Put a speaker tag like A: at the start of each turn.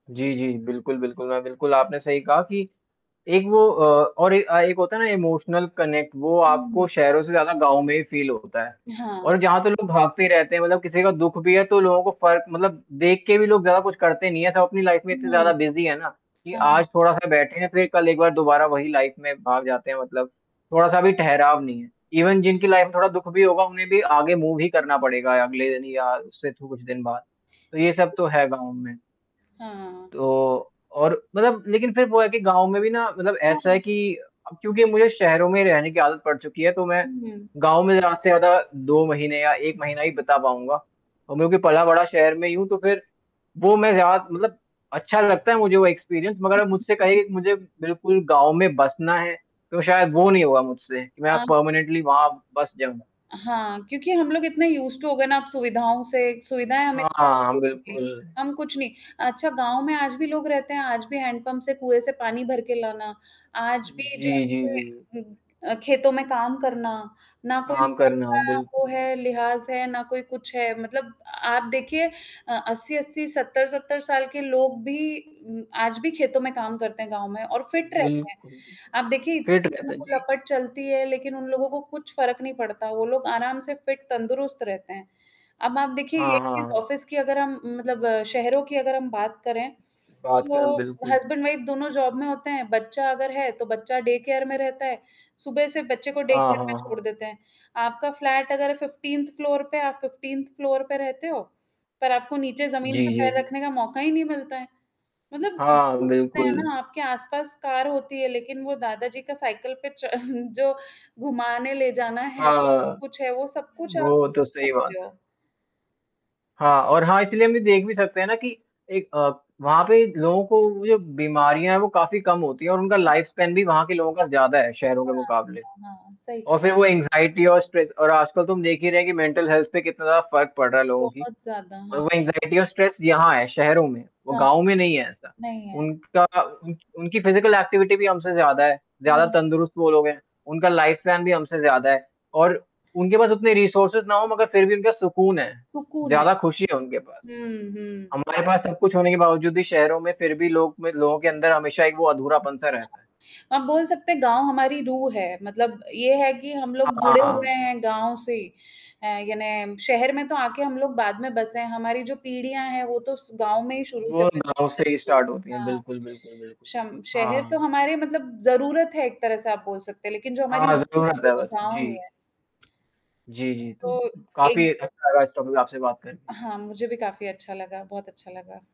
A: जी, जी। बिल्कुल, बिल्कुल, अ, बिल्कुल आपने सही कहा कि एक वो अ, और एक अ, एक होता है ना इमोशनल कनेक्ट वो आपको
B: हुँ।
A: शहरों से ज़्यादा गाँव में ही फ़ील होता है
B: हाँ।
A: और जहाँ तो लोग भागते ही रहते हैं मतलब किसी का दुःख भी है तो लोगों को फ़र्क मतलब देख के भी लोग ज़्यादा कुछ करते नहीं हैं सब अपनी लाइफ़ में इतने ज़्यादा
B: हुँ,
A: बिज़ी है ना, कि
B: हाँ।
A: आज थोड़ा-सा बैठे हैं ,फिर कल एक बार दोबारा वही लाइफ़ में भाग जाते हैं मतलब, थोड़ा-सा भी ठहराव नहीं है, ईवन जिनकी लाइफ़ में थोड़ा दुःख भी होगा उन्हें भी आगे मूव ही करना पड़ेगा अगले यानि या उससे कुछ दिन बाद, तो ये सब तो
B: [unintelligible]
A: है गाँव में।
B: हाँ।
A: तो और मतलब लेकिन फिर वो है कि गाँव में भी ना मतलब ऐसा है
B: हुँ।
A: कि अब क्योंकि मुझे शहरों में रहने की आदत पड़ चुकी है, तो मैं
B: हुँ।
A: गाँव में ज़्यादा से ज़्यादा 2 महीने या 1 महीना ही बीता पाऊँगा, क्योंकि पला-बढ़ा शहर में ही हूँ। तो फिर वो मैं ज़्यादा मतलब अच्छा लगता है मुझे वो एक्सपीरियंस
B: हुँ,
A: मगर मुझसे
B: हुँ।
A: कहिए मुझे बिल्कुल गाँव में बसना है, तो शायद वो नहीं होगा मुझसे कि मैं
B: हाँ।
A: परमानेंटली वहाँ बस जाऊँ।
B: हाँ, क्योंकि हम लोग इतने यूज़्ड टू हो गए ना अब सुविधाओं से सुविधाएँ हमें
A: हाँ, हाँ।
B: बेसिकली
A: बिल्कुल।
B: हम कुछ नहीं अच्छा गाँव में आज भी लोग रहते हैं आज भी हैंडपंप से कुएँ से पानी भर के लाना, आज भी
A: जी, जी, जी।
B: जाके उ अ, खेतों में काम करना, ना कोई
A: काम
B: ढंग
A: करना।
B: का वो
A: बिल्कुल।
B: है लिहाज़ है ना कोई कुछ है मतलब आप देखिए अ, 80-80 70-70 साल के लोग भी उम, आज भी खेतों में काम करते हैं गाँव में और फिट रहते हैं।
A: बिल्कुल, बिल्कुल,
B: आप देखिए
A: फ़िट
B: इतनी
A: रहता है। जी।
B: लपट चलती है लेकिन उन लोगों को कुछ फ़र्क नहीं पड़ता वो लोग आराम से फिट तंदुरुस्त रहते हैं। अब आप देखिए यही
A: हाँ, हाँ,
B: चीज़
A: हाँ।
B: ऑफ़िस की अगर हम मतलब शहरों की अगर हम बात करें,
A: बात कर
B: तो
A: बिल्कुल।
B: हस्बैंड-वाइफ दोनों जॉब में होते हैं, बच्चा अगर है तो बच्चा डे केयर में रहता है, सुबह से बच्चे को डे
A: हाँ,
B: केयर
A: हाँ,
B: में छोड़
A: हाँ।
B: देते हैं आपका फ्लैट अगर 15th फ्लोर पे, आप 15th फ्लोर पे रहते हो? पर आपको नीचे ज़मीन पे
A: जी, जी,
B: पैर
A: जी।
B: रखने का मौका ही नहीं मिलता है। मतलब
A: हाँ,
B: वही चीज़े है
A: बिल्कुल।
B: ना, आपके आस-पास कार होती है, लेकिन वो दादा जी का साइकिल पे च जो घूमाने ले जाना है, [unintelligible]
A: हाँ,
B: कुछ है वो सब कुछ आप
A: वो तो
B: [unintelligible]
A: सही बात
B: सकते
A: है।
B: हो।
A: हाँ और हाँ इसीलिए हम ये देख भी सकते हैं ना कि एक अ, वहाँ पे लोगों को जो बीमारियाँ हैं वो काफ़ी कम होती हैं और उनका
B: हाँ।
A: लाइफ़स्पैन वहाँ के लोगों का ज़्यादा है शहरों के
B: हाँ,
A: मुक़ाबले,
B: हाँ, हाँ। सही
A: और
B: कहा।
A: फिर वो एंग्जायटी और स्ट्रेस। और आजकल तुम देख ही रहे हैं कि मेंटल हेल्थ पे कितना ज़्यादा फ़र्क पड़ रहा है लोगों की,
B: बहुत ज़्यादा,
A: और वो
B: हाँ।
A: एंग्जायटी और स्ट्रेस यहाँ है शहरों में, वो
B: हाँ,
A: गाँव में नहीं है ऐसा।
B: नहीं है।
A: उनका उन उनकी फिजिकल एक्टिविटी भी हमसे ज़्यादा है, ज़्यादा
B: हाँ।
A: तंदुरुस्त वो लोग हैं उनका लाइफ़ प्लान भी हमसे ज़्यादा है, और उनके पास उतने रिसोर्सेस ना हों, मगर फिर भी उनका सुकून है,
B: सुकून है।
A: ज़्यादा खुशी है उनके पास।
B: हुँ, हुँ।
A: हमारे पास सब कुछ होने के बावजूद भी शहरों में फिर भी लोग में लोगों के अंदर हमेशा एक वो अधूरापन-सा रहता है।
B: हाँ, अब बोल सकते हैं गाँव हमारी रूह है मतलब ये है कि हम लोग जुड़े
A: हाँ।
B: हुए हैं गाँव से। अ, यानी शहर में तो आके हम लोग बाद में बसे हैं हमारी जो पीढ़ियाँ हैं वो तो उस गाँव में ही शुरू से
A: वो गाँव
B: बसे बस
A: से ही
B: गई
A: स्टार्ट होती है,
B: हाँ,
A: बिल्कुल, बिल्कुल, बिल्कुल,
B: शम शहर तो
A: हाँ।
B: हमारे मतलब ज़रूरत है एक तरह से आप बोल सकते हैं लेकिन जो हमारी
A: हाँ,
B: रूह है
A: ज़रूरत
B: वो
A: है
B: तो
A: बस।
B: गाँव ही
A: जी।
B: हैं।
A: जी, जी,
B: तो
A: तो काफ़ी
B: एक
A: अच्छा लगा इस टॉपिक आपसे बात कर के।
B: हाँ, मुझे भी काफ़ी अच्छा लगा, बहुत अच्छा लगा।